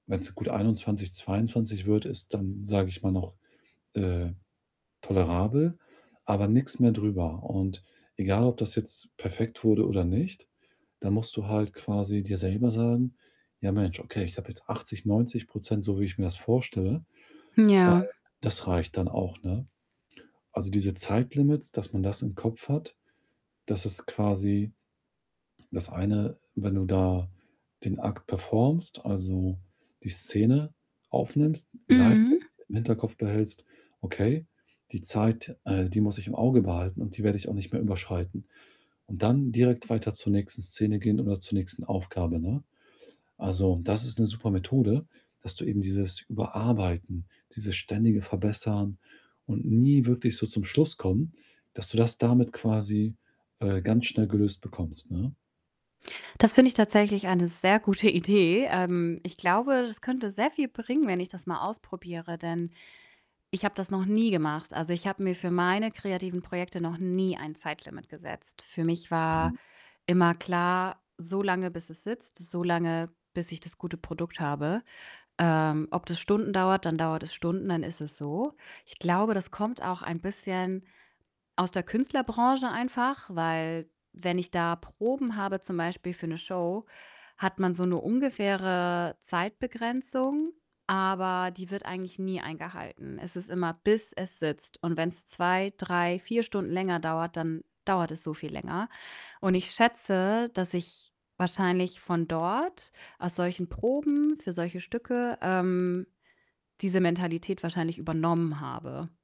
Wenn's gut 21, 22 wird ist dann, sage ich mal, noch, äh, tolerabel, aber nix mehr drüber. Und egal, ob das jetzt perfekt wurde oder nicht, da musst du halt quasi dir selber sagen: „Ja, Mensch, okay, ich habe jetzt 80 %, 90 % so, wie ich mir das vorstelle, Hm, und ja. das reicht dann auch“, ne? Also, diese Zeitlimits, dass man das im Kopf hat, dass es quasi das eine, wenn du da den Akt performst, also, die Szene aufnimmst, gleichzeitig Mhm. dann im Hinterkopf behältst: „Okay, die Zeit, äh, die muss ich im Auge behalten und die werde ich auch nicht mehr überschreiten.“ Und dann direkt weiter zur nächsten Szene gehen oder zur nächsten Aufgabe, ne? Also, das ist 'ne super Methode, dass du eben dieses Überarbeiten, dieses ständige Verbessern und nie wirklich so zum Schluss kommen, dass du das damit quasi, äh, ganz schnell gelöst bekommst, ne? Das finde ich tatsächlich eine sehr gute Idee. Ähm, ich glaube, das könnte sehr viel bringen, wenn ich das mal ausprobiere, denn ich habe das noch nie gemacht. Also, ich habe mir für meine kreativen Projekte noch nie ein Zeitlimit gesetzt. Für mich war Mhm. immer klar, so lange, bis es sitzt, so lange, bis ich das gute Produkt habe. Ähm, ob das Stunden dauert, dann dauert es Stunden, dann ist es so. Ich glaube, das kommt auch ein bisschen aus der Künstlerbranche einfach, weil wenn ich da Proben habe, zum Beispiel für 'ne Show, hat man so 'ne ungefähre Zeitbegrenzung, aber die wird eigentlich nie eingehalten. Es ist immer: Bis es sitzt. Und wenn's 2, 3, 4 Stunden länger dauert, dann dauert es so viel länger. Und ich schätze, dass ich wahrscheinlich von dort aus solchen Proben für solche Stücke, ähm, diese Mentalität wahrscheinlich übernommen habe